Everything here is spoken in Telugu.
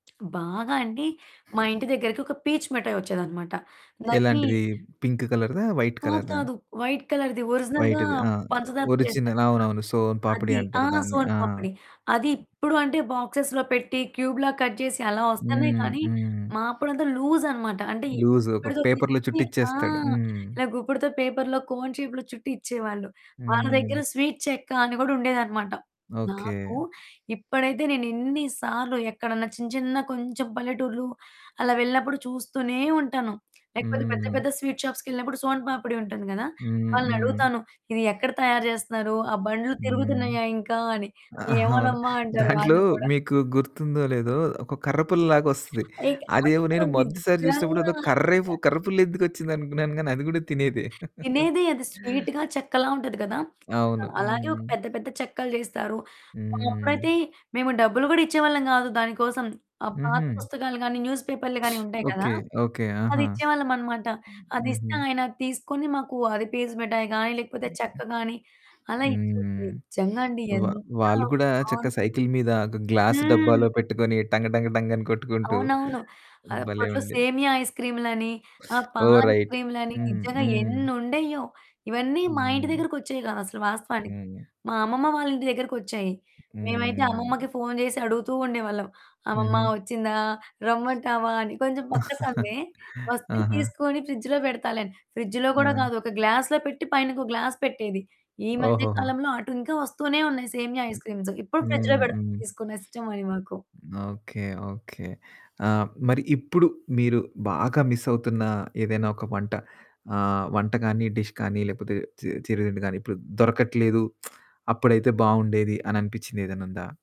బాగా అండి మా ఇంటి దగ్గరకొక పీచు మిటాయోచ్చేదనమాట. దాన్ని ఎలాంటిది పింక్ కలర్‌దా? వైట్ కాదు, కలర్‌దా? కాదు. వైట్ కలర్‌ది ఒరిజినల్‌గా వైట్‌ది ఆ! పంచదారతో చేస్తారు ఒరిజినల్. కదా! అవునవును. సోను పాపిడి అది అంటారు ఆహ్, దాన్ని. సోను ఆ! పాపిడి. అది ఇప్పుడు అంటే బాక్స్‌లో పెట్టి క్యూబ్‌లాగా కట్ చేసి అలా వస్తున్నాయి హ్మ్. కానీ, హ్మ్. మా అప్పుడంతా లూజ్ అనమాట. అంటే లూజ్ ఒక గుప్పిడతో పేపర్‌లో తీసిచ్చి చుట్టి ఆ! ఇచ్చేస్తాడు హ్మ్. ఇలా గుప్పడతో పేపర్‌లో కోన్ షేప్‌లో చుట్టి ఇచ్చేవాళ్ళు. వాళ్ళ దగ్గర హ్మ్. స్వీట్ చెక్క అని గూడా ఉండేదనమాట. నాకు ఓకే. ఇప్పుడైతే నేనెన్ని సార్లు ఎక్కడైనా చిన్న, చిన్న, కొంచెం పల్లెటూర్లు అలా వెళ్ళినప్పుడు చూస్తూనే ఉంటాను. లేకపోతే పెద్ద హ్మ్. పెద్ద స్వీట్ షాప్స్‌కెళ్ళినప్పుడు సోను పాపిడి ఉంటుంది గదా! హ్మ్, హ్మ్. వాళ్ళనడుగుతాను. ఇది ఎక్కడ తయారు జేస్తున్నారు? ఆ! బండ్లు హ్మ్. తిరుగుతున్నాయా ఇంకా? అని, ఆ! అవును. "ఏమోనమ్మా" అంటారు దాంట్లో వాళ్ళు కూడా. మీకు గుర్తుందో లేదో ఒక కర్రపుల్ల లాగోస్తది అదేమో నేను [unintelligible] మొదటిసారి చూసినప్పుడు నిజంగా. ఏదో అసల కరేపు కర్రపుల్లేందుకొచ్చింది అనుకున్నాను. కానీ అది కూడా తినేదే. తినేదే అది స్వీటుగా చెక్కలా ఉంటది గదా! అవును. అది అలాగే ఒక హ్మ్. పెద్ద, పెద్ద, చెక్కలు చేస్తారు. ఆ! హ్మ్. అప్పుడైతే మేము డబ్బులు గూడా ఇచ్చేవాళ్ళం గాదు, దాని కోసం. ఆహ్, పాత హుహు. పుస్తకాలు గాని, న్యూస్ పేపర్లు‌గాని ఉండేయి కదా! ఓకే. ఓకే. అది ఆహా! ఇచ్చేవాళ్ళమనమాట. హుహు. అదిస్తే ఆయనది తీసుకొని మాకు అది పీచు మిటాయి గాని లేకపోతే హుహు. చెక్క గాని అలా ఇచ్చుది. హ్మ్. నిజంగా అండి వా ఎంత వాళ్ళు కూడా చక్కగా బావుంటాదో. సైకిలు మీద ఒక గ్లాస్ హ్మ్. డబ్బాలో పెట్టుకొని టంగ్ టంగ్ టంగ్ అని కొట్టుకుంటూ అవునవును. భలే! అప్పట్లో ఉండేది. సేమియా ఐస్‌క్రీములని, ఆ! ఓహ్! రైట్ పాలైస్‌క్రీములని హ్మ్ నిజంగా హ్మ్. ఎన్నుండేయో, ఇవన్నీ మా ఇంటి హ్మ్. దగ్గరకొచ్చేయి కాదు, అసలు వాస్తవానికి. హ్మ్. మా అమ్మమ్మ వాళ్ళ ఇంటి దగ్గరకొచ్చాయి. మేమైతే హ్మ్. అమ్మమ్మకి ఫోన్ చేసి అడుగుతూ ఉండేవాళ్ళం. అమ్మమ్మ హుహు. వచ్చిందా? రమ్మంటావా అని, కొంచెం పక్క సందే, "వస్తే ఆహా! తీసుకొని ఫ్రిడ్జ్‌లో పెడతాలే" అని. ఫ్రిడ్జ్‌లో కూడా ఆ! కాదు. ఒక గ్లాస్‌లో పెట్టి పైన ఇంకో గ్లాస్ పెట్టేది. ఈ మధ్య ఓహోహో! కాలంలో అటుంకా వస్తూనే ఉన్నాయి, సేమియా హ్మ్. ఐస్‌క్రీమ్స్. ఇప్పుడు ఫ్రిడ్జ్‌లో హ్మ్, పెడతుంది హ్మ్. తీసుకుని, ఇష్టమని మాకు. ఓకే. ఓకే. ఆ! మరి ఇప్పుడు మీరు బాగా మిస్సవుతున్న ఏదైనా ఒక వంట ఆహ్, వంట గాని డిష్ గాని, లేకపోతే చి చిరు తిండి గాని, ఇప్పుడు దొరకట్లేదు అప్పుడైతే బావుండేది అని అనిపిచ్చిందేదైనా ఉందా?